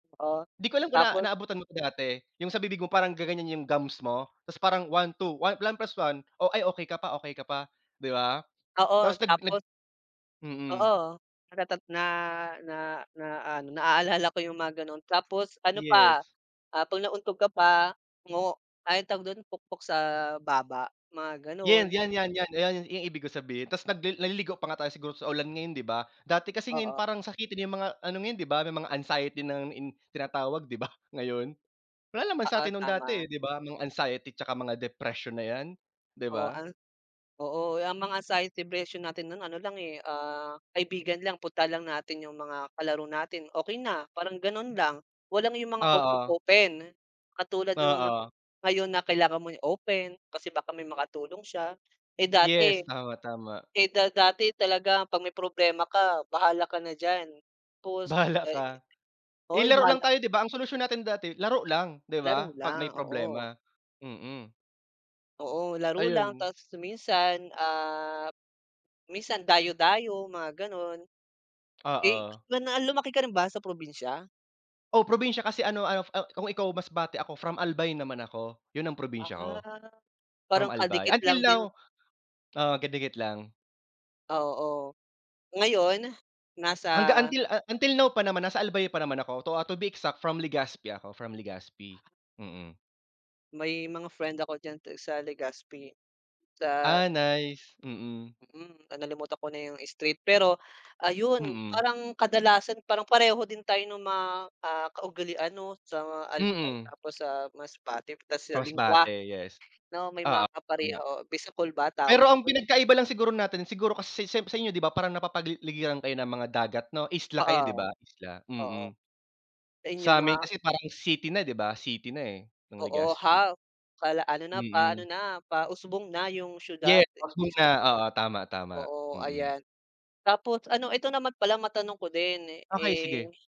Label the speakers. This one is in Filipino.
Speaker 1: Oo,
Speaker 2: 'Di ko alam kung na
Speaker 1: tapos
Speaker 2: naabutan mo ko dati, yung sa bibig mo parang gaganyan yung gums mo tapos parang 1, 2, 1 + 1? Ay okey ka pa okey ka pa, di ba?
Speaker 1: Oo
Speaker 2: Tapos nag nag
Speaker 1: tapos
Speaker 2: mhm.
Speaker 1: oo natata na, na, na, na-ano na-aalala ko yung mga ganon, tapos ano pa,
Speaker 2: Yes.
Speaker 1: ah, pag nauntog ka pa, mo ay tawag dun pukpok sa baba, mga ganon.
Speaker 2: Yan, yan, yan, yan, yan ui yan yung ibig ko sabihin tas nagli naliligo pa nga tayo siguro sa ulan ngayon di ba? Dati kasi ngayon
Speaker 1: Oo.
Speaker 2: parang sakitin yung mga ano ngayon di ba, may mga anxiety in na tinatawag di ba, ngayon? Wala naman
Speaker 1: Oo,
Speaker 2: satin nung dati
Speaker 1: tama.
Speaker 2: eh, di ba, mga anxiety tsaka mga depression na yan, di
Speaker 1: Oo
Speaker 2: ba?
Speaker 1: ang oo ang mga sign of depression natin ng ano lang eh, ah, kaibigan lang puntahan lang natin yung mga kalaro natin okey na, parang ganon lang, walang yung mga
Speaker 2: Oo.
Speaker 1: open-open. Katulad nung mga
Speaker 2: Oo.
Speaker 1: ngayon na kailangan mo i-open, kasi baka may makatulong siya, eh, dati,
Speaker 2: Yes, tama-tama.
Speaker 1: eh, da dati talaga pag may problema ka, bahala ka na diyan, tapos
Speaker 2: Bahala
Speaker 1: ay
Speaker 2: ka. Eh,
Speaker 1: oy
Speaker 2: laro lang
Speaker 1: bahala
Speaker 2: tayo di ba ang solusyon natin dati laro lang, di
Speaker 1: Laro
Speaker 2: ba? Pag may
Speaker 1: lang, oo.
Speaker 2: problema, mm.
Speaker 1: Oo, laro lang
Speaker 2: Ayun.
Speaker 1: tapos minsan, ah, minsan dayo-dayo mga ganon. Eh,
Speaker 2: Oo.
Speaker 1: na lumaki ka rin ba sa probinsya?
Speaker 2: Oh, probinsya kasi ano ah, ano kung ikaw Masbate ako from Albay naman ako, yun ang probinsya ko.
Speaker 1: Ah,
Speaker 2: From
Speaker 1: parang
Speaker 2: Albay,
Speaker 1: kadikit lang
Speaker 2: until now
Speaker 1: din.
Speaker 2: oo kadikit lang.
Speaker 1: Ah, oo. Ngayon, nasa
Speaker 2: Hanggang until until now pa naman nasa Albay pa naman ako to, ah, to be exact from Legazpi ako, from Legazpi, mm.
Speaker 1: May mga friend ako diyan ti sa Legazpi sa
Speaker 2: Ah, nice, mm.
Speaker 1: Hmm, nalimutan ko na yung street, pero, ayun,
Speaker 2: Hmm.
Speaker 1: parang kadalasan parang pareho din tayo nung mga, ah, kaugalian 'no, sa mga Albay
Speaker 2: Mm.
Speaker 1: tapos sa Masbate 'tas sa lengwahe
Speaker 2: Masbate yes
Speaker 1: na may mga
Speaker 2: oo, tama.
Speaker 1: kapareho bisakol ba tawag
Speaker 2: Pero ang
Speaker 1: dun?
Speaker 2: pinag-kaiba lang siguro natin, siguro kasi sa sa sa inyo di ba parang napapaligiran kayo ng mga dagat no isla kayo di
Speaker 1: Oo.
Speaker 2: ba, Isla?
Speaker 1: Oo.
Speaker 2: Mm.
Speaker 1: Sa inyo nga
Speaker 2: Samin kasi parang city na di ba? City na eh, ng
Speaker 1: Oo
Speaker 2: Legazpi.
Speaker 1: half pala, ano na, pa-ano
Speaker 2: Mm.
Speaker 1: na pa-usbong na yung siyudad
Speaker 2: Yes usbong
Speaker 1: imbes
Speaker 2: na oo tama-tama,
Speaker 1: Oo
Speaker 2: mm.
Speaker 1: ayan. Tapos ano ito naman pala matanong ko din,
Speaker 2: Okey
Speaker 1: eh
Speaker 2: sige.